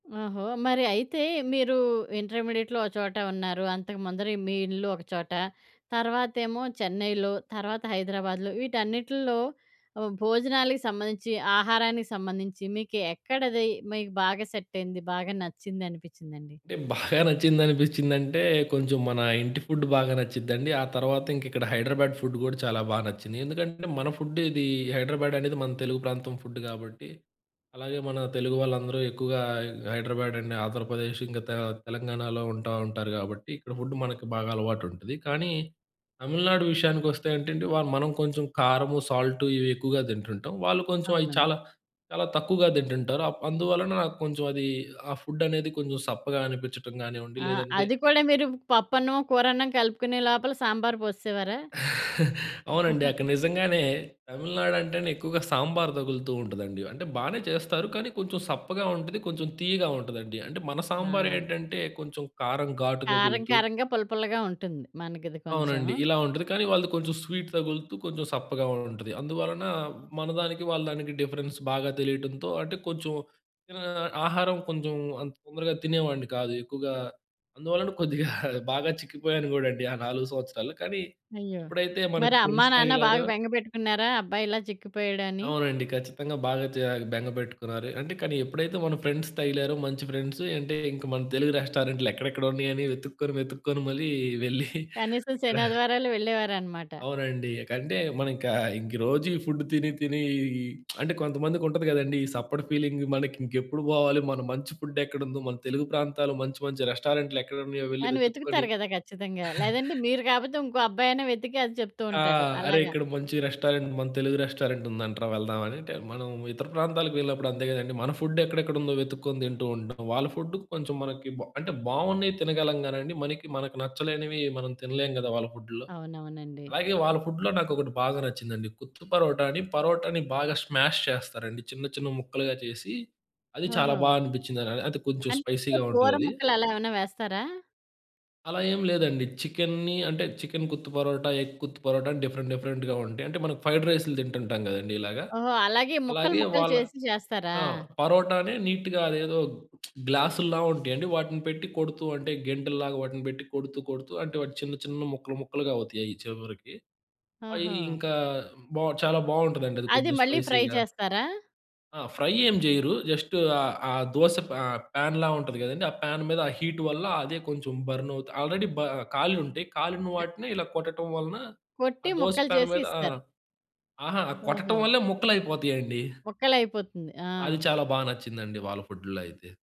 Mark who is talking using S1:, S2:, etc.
S1: ఓహో! మరి అయితే మీరు ఇంటర్మీడియేట్‌లో ఒక చోట ఉన్నారు. అంతకుముందర మీ ఇల్లు ఒక చోట, తర్వాతేమో 'చెన్నైలో', తర్వాత 'హైదరాబాద్‌లో' వీటన్నిటిల్లో ఆహ్, భోజనాలకి సంబంధించి, ఆహారానికి సంబంధించి మీకు ఎక్కడది, మీకు బాగా సెటైంది? బాగా నచ్చిందనిపించిందండి?
S2: అంటే బాగా నచ్చిందనిపిచ్చిందంటే కొంచెం మన ఇంటి ఫుడ్ బాగా నచ్చిద్దండి. ఆ తర్వాత ఇంకిక్కడ 'హైడ్రాబ్యాడ్' ఫుడ్ గూడా చాలా బాగా నచ్చింది. ఎందుకంటే మన ఫుడ్ ఇది 'హైడ్రాబ్యాడ్' అనేది మన తెలుగు ప్రాంతం ఫుడ్ గాబట్టి, అలాగే మన తెలుగు వాళ్ళందరూ ఎక్కువగా 'హైడ్రాబ్యాడ్ అండ్ ఆంధ్రప్రదేశ్' ఇంకా 'తె తెలంగాణాలో' ఉంటా ఉంటారు గాబట్టి ఇక్కడ ఫుడు మనకి బాగా అలవాటుంటది. కానీ 'తమిళనాడు' విషయానికొస్తే అంటే అండి వాళ్ళు మనం కొంచెం కారము, సాల్టు, ఇవి ఎక్కువగా తింటుంటాం. వాళ్ళు కొంచెం అయి
S1: అవును.
S2: చాలా చాలా తక్కువగా తింటుంటారు. అప్ అందువలన నాకు కొంచెం అది ఆ ఫుడ్ అనేది కొంచెం సప్పగా అనిపిచ్చటం గానివ్వండి
S1: ఆ!
S2: లేదంటే
S1: అది కూడా మీరు పప్పన్నం, కూరన్నం కలుపుకునే లోపల సాంబార్ పోసేసేవారా?
S2: అవునండి. అక్కడ నిజంగానే 'తమిళనాడు' అంటేనే ఎక్కువగా సాంబార్ తగులుతూ ఉంటదండి. అంటే బానే చేస్తారు. కానీ కొంచెం సప్పగా ఉంటది, కొంచెం తియ్యగా ఉంటదండి అంటే మన
S1: ఆ!
S2: సాంబారేంటంటే కొంచెం కారం, ఘాటు
S1: కారం
S2: తగులుతూ
S1: కారంగా, పుల్లపుల్లగా ఉంటుంది. మనకిది కొంచెం.
S2: అవునండి ఇలా ఉంటది. కానీ వాళ్ళది కొంచెం స్వీట్ తగులుతూ, కొంచెం సప్పగా కూడా ఉంటది. అందువలన మన దానికి, వాళ్ళ దానికి డిఫరెన్స్ బాగా తెలియటంతో అంటే కొంచెం ఆహ్, ఇక్కడ ఆహారం కొంచెం అంత తొందరగా తినేవాడిని కాదు ఎక్కువగా. అందువలన కొద్దిగా బాగా చిక్కిపోయాను గూడాండి ఆ 4 సంవత్సరాలు. కానీ
S1: అయ్యో!
S2: ఎప్పుడైతే
S1: మరి
S2: మనకు
S1: అమ్మా‌,
S2: ఫ్రెండ్స్
S1: నాన్న బాగా
S2: తగిలారో
S1: బెంగ పెట్టుకున్నారా అబ్బాయిలా చిక్కిపోయాడని?
S2: అవునండి. ఖచ్చితంగా బాగా జా బెంగపెట్టుకున్నారు. అంటే కానీ ఎప్పుడైతే మన ఫ్రెండ్స్ తగిలారో మంచి ఫ్రెండ్సు, అంటే ఇంక మన తెలుగు రెస్టారెంట్లు ఎక్కడెక్కడ ఉన్నయని వెతుక్కొని, వెతుక్కొని మరీ వెళ్లి
S1: కనీసం
S2: అక్కడ
S1: శని, ఆదివారాలు వెళ్ళేవారనమాట.
S2: అవునండి. ఇకంటే మనం ఇక ఇంకీ రోజు ఈ ఫుడ్ తిని తిని అంటే కొంతమందికి ఉంటది గదండీ! "ఈ సప్ప‌టి ఫీలింగు మనకి ఇంకెప్పుడు పోవాలి? మన మంచి ఫుడేక్కడుందో? మన తెలుగు ప్రాంతాలు మంచి మంచి రెస్టారెంట్లు ఎక్కడున్నాయో వెళ్లి
S1: కాని
S2: వెతుక్కొని"
S1: వెతుకుతారు గదా! ఖచ్చితంగా! లేదంటే మీరు కాకపోతే ఇంకో అబ్బాయి అయిన వెతికి అది చెప్తూ
S2: ఆ!
S1: ఉంటాడు
S2: "అరే!
S1: అలాగా.
S2: ఇక్కడ మంచి రెస్టారెంట్ మన తెలుగు రెస్టారెంట్ ఉందంటరా వెళ్దాం" అనంటే, మనం ఇతర ప్రాంతాలకు వెళ్ళినప్పుడు అంతే గదండీ! మన ఫుడేక్కడెక్కడ ఉందో వెతుక్కొని తింటూ ఉంటాం. వాళ్ళ ఫుడ్డు కొంచెం మనకి బా అంటే బావున్నయి తినగలం గానండి. మనకి మనకు నచ్చలేనివి మనం తినలేం కదా! వాళ్ళ ఫుడ్డు‌ల్లో.
S1: అవునవునండి.
S2: అలాగే వాళ్ళ ఫుడ్లో నాకు ఒకటి బాగా నచ్చిందండి కుత్తు పరోటా అని పరోటాని బాగా స్మాష్ చేస్తారండి. చిన్న చిన్న ముక్కలుగా చేసి అది చాలా బా
S1: ఓహో!
S2: అనిపిచ్చింది. అ అది కొంచెం
S1: అందుట్లో
S2: స్పైసీగా
S1: కూర
S2: ఉంటదది.
S1: ముక్కలు అలా ఏమన్నా వేస్తారా?
S2: అలా ఏం లేదండి. చికెన్‌ని అంటే 'చికెన్ కుత్తు పరోటా, ఎగ్ కుత్తు పరోటా,' అని డిఫరెంట్ డిఫరెంట్‌గా ఉంటయి. అంటే మనం ఫ్రైడ్ రైస్లు తింటుంటాం గదండీ ఇలాగ.
S1: ఓహో! అలాగే ముక్కలు,
S2: అలాగే
S1: ముక్కలు
S2: వాళ్ళ
S1: చేసి చేస్తారా?
S2: ఆ! పరోటానే నీట్‌గా అదేదో గ్లాసుల్లా ఉంటయండి వాటిని పెట్టి కొడుతూ అంటే గెంటేల్లాగా వాటిని పెట్టి కొడుతూ కొడుతూ అంటే వాటి చిన్న చిన్న ముక్కలు ముక్కలుగా అవుతయి అయి చివ్వరికి. అయి
S1: ఓహొ!
S2: ఇంకా బావు చాలా బావుంటదండి అది
S1: అది
S2: కొంచెం
S1: మళ్ళీ ఫ్రై
S2: స్పైసీగా.
S1: చేస్తారా?
S2: ఆ! ఫ్రై ఏం జెయ్యరు. జస్టు ఆ ఆ దోశ ఫ్ ఆ! ప్యాన్‌లా ఉంటది కదండీ, ఆ ప్యాన్ మీద ఆ హీట్ వల్ల అదే కొంచెం బర్నువుతు ఆల్రెడీ బ కాలుంటయి. కాలిన
S1: క
S2: వాటిని ఇలా కొట్టటం వలన
S1: కొట్టి
S2: ఆ దోశ
S1: ముక్కలు
S2: ప్యాన్
S1: చేసి
S2: మీద ఆ!
S1: ఇస్తారు.
S2: ఆహా! కొట్టటం
S1: ఓహొ!
S2: వల్లే ముక్కలయిపోతయండి.
S1: ముక్కలైపోతుంది.
S2: అది
S1: ఆ!
S2: చాలా బా నచ్చిందండి వాళ్ళ ఫుడ్డు‌లో అయితే.